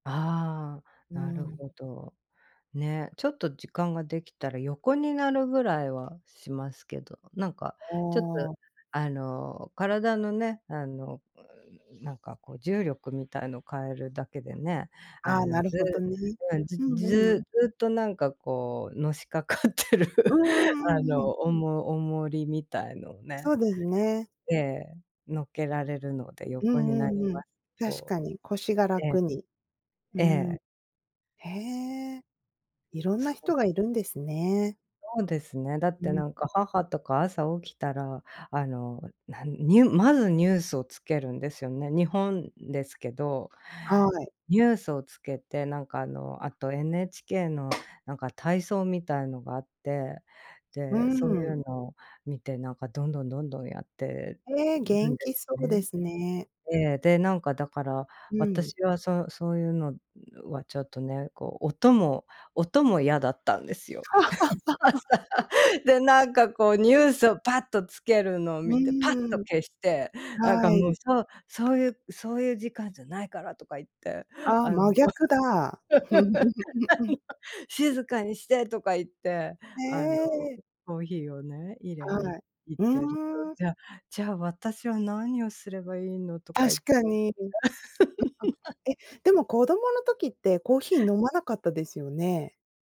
ああ、うなるん。ほど。ね、ちょっと時間ができたら横になるぐらいはしますけど、なんか、あちょっと、あ。あの、体のね、あの、なんか、こう、重力みたいのを変えるだけでね、あああ、なの、るずほどね。うん、ずうんうん。ずっと、なんか、こう、のしかかってる、うんうんあうんうの、ん。おも重りみたいのをそね、うですね。ええ、乗っけられるので、う横んにうなりんうん。ますけ確ど。かに腰がええ。楽に。うーえん。え。へえ。いろんなそう。人がいるんですね。そうですね、だっうて、ん。なんか、母とか朝起きたら、あの、なんニュまずニュースを付けるんですよね。日本ですけど、はい。ニュースをつけて、なんか、あの、あと NHK のなんか体操みたいのがあって、うーで、そういん。うのを見て、なんか、どんどんどんどん、やってええ、る元んで気そすうでね。すね。ええ、で、なんか、だから、うん。私は、そそういうのはちょっとね、こう、音も音も嫌だったんですよ。朝。で、なんか、こう、ニうん。ュースをぱっとつけるのをう見て、ぱっーとん。消して、なんか、はもう、い。そうそういう「そういう時間じゃないから」とか言って、ああ、あの、真逆だ。「静かにして」とか言って、へあの、え。コーヒーをね、入れにはい。行っふてると、ーん。じゃじゃあ私は何をすればいいのとか言っ確て。か に。え、でも子供の時ってコーヒー飲まなかったですよね？